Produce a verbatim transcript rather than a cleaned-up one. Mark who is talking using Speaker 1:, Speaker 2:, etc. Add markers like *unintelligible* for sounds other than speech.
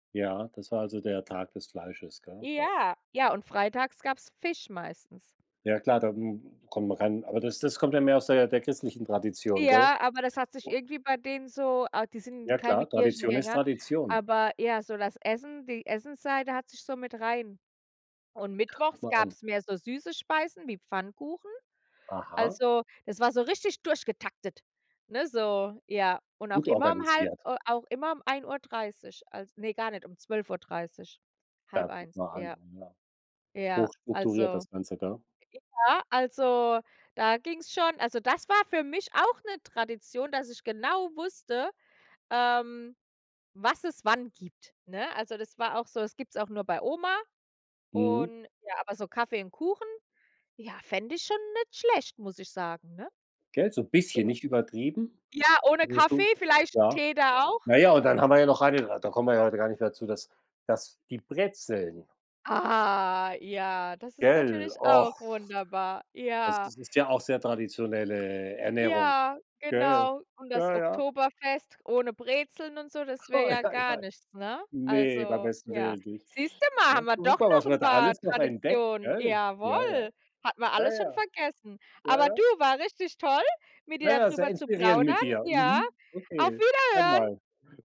Speaker 1: Ja, das war, also, der Tag des Fleisches, gell? *unintelligible*
Speaker 2: Ja. Ja, und freitags gab's Fisch meistens.
Speaker 1: Ja klar, da m m kommen ran Aber das das kommt ja mehr aus der der christlichen Tradition, gell?
Speaker 2: Ja, aber das hat sich irgendwie bei denen so ah, die
Speaker 1: Ja
Speaker 2: sind keine
Speaker 1: klar, Tradition ist
Speaker 2: Kirchengänger,
Speaker 1: Tradition.
Speaker 2: aber ja, so das Essen die Essensseite hat sich so mit rein Und
Speaker 1: Ach, guck
Speaker 2: mittwochs
Speaker 1: mal an.
Speaker 2: gab's mehr so süße Speisen wie Pfannkuchen.
Speaker 1: Aha.
Speaker 2: Also, das war so richtig durch getaktet, ne, so ja. Und auch
Speaker 1: Gut
Speaker 2: immer um halb
Speaker 1: organisiert.
Speaker 2: äh, auch immer um ein Uhr dreißig, als ne, gar nicht, um zwölf Uhr dreißig,
Speaker 1: Da
Speaker 2: halb
Speaker 1: guck
Speaker 2: eins,
Speaker 1: mal an,
Speaker 2: ja.
Speaker 1: ja.
Speaker 2: Ja,
Speaker 1: Hochstrukturiert
Speaker 2: also
Speaker 1: das Ganze, gell.
Speaker 2: ja, also, da ging's schon also, das war für mich auch 'ne Tradition, dass ich genau wusste, ähm, was es wann gibt, ne? Also, das war auch so das gibt's auch nur bei Oma
Speaker 1: Mhm.
Speaker 2: und ja, aber so Kaffee und Kuchen, ja, fände ich schon nicht schlecht, muss ich sagen, ne?
Speaker 1: Gell, so 'n
Speaker 2: So
Speaker 1: bisschen, nicht übertrieben.
Speaker 2: Ja, ohne Kaffee,
Speaker 1: *unintelligible*
Speaker 2: vielleicht 'n
Speaker 1: Ja.
Speaker 2: Tee da auch.
Speaker 1: Na ja, und dann haben wir ja noch eine da kommen wir ja heute gar nicht mehr zu, dass dass die Brezeln.
Speaker 2: Ah, ja, das ist
Speaker 1: Gell.
Speaker 2: natürlich auch
Speaker 1: *groans*
Speaker 2: wunderbar,
Speaker 1: Das
Speaker 2: ja.
Speaker 1: ist ist ja auch sehr traditionelle Ernährung.
Speaker 2: Ja,
Speaker 1: Gell.
Speaker 2: genau. Und das
Speaker 1: Ja, ja.
Speaker 2: Oktoberfest ohne Brezeln und so, das wäre
Speaker 1: Oh, ei,
Speaker 2: ja gar
Speaker 1: ei.
Speaker 2: nichts, ne?
Speaker 1: Ne, beim
Speaker 2: Also,
Speaker 1: besten
Speaker 2: ja.
Speaker 1: Willen nicht.
Speaker 2: Siehste mal, haben
Speaker 1: Ne?
Speaker 2: wir doch
Speaker 1: Guck mal, was
Speaker 2: noch
Speaker 1: wir
Speaker 2: 'n
Speaker 1: da
Speaker 2: paar
Speaker 1: alles noch entdecken,
Speaker 2: Traditionen,
Speaker 1: gell? Ja, ja.
Speaker 2: jawohl. Hatten wir
Speaker 1: Ja,
Speaker 2: alles schon
Speaker 1: ja.
Speaker 2: vergessen.
Speaker 1: Ja,
Speaker 2: Aber
Speaker 1: ja.
Speaker 2: du, war richtig toll, mit dir
Speaker 1: Ja, sehr
Speaker 2: dadrüber zu
Speaker 1: inspirierend
Speaker 2: plaudern.
Speaker 1: mit dir.
Speaker 2: Ja.
Speaker 1: Mhm.
Speaker 2: Auf
Speaker 1: Okay, gern
Speaker 2: Wiederhören.
Speaker 1: mal. *chuckles*